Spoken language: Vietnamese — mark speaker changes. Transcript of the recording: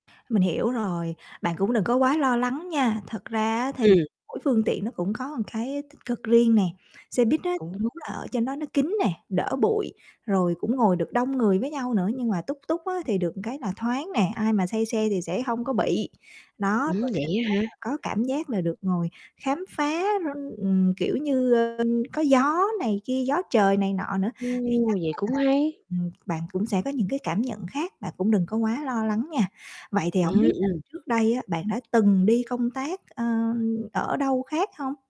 Speaker 1: Mình hiểu rồi, bạn cũng đừng có quá lo lắng nha, thật ra á thì
Speaker 2: Ừm.
Speaker 1: mỗi phương tiện nó cũng có một cái tích cực riêng nè, xe buýt á
Speaker 2: Cũng
Speaker 1: thì
Speaker 2: đúng.
Speaker 1: đúng là ở trên đó nó kín nè, đỡ bụi, rồi cũng ngồi được đông người với nhau nữa. Nhưng mà tuk tuk á thì được một cái là thoáng nè, ai mà say xe thì sẽ hông có bị. Đó,
Speaker 2: Ừm,
Speaker 1: rồi
Speaker 2: vậy
Speaker 1: thêm
Speaker 2: á hả?
Speaker 1: đó là có cảm giác là được ngồi khám phá r ừm, kiểu như, ờ, có gió này kia, gió trời này nọ nữa, thì
Speaker 2: Ô,
Speaker 1: chắc
Speaker 2: vậy
Speaker 1: á
Speaker 2: cũng
Speaker 1: là
Speaker 2: hay.
Speaker 1: ừm, bạn cũng sẽ có những cái cảm nhận khác, bạn cũng đừng có quá lo lắng nha. Vậy thì hổng
Speaker 2: Ừm,
Speaker 1: biết á
Speaker 2: ừm.
Speaker 1: trước đây á bạn đã từng đi công tác, ơ, ở đâu khác hông?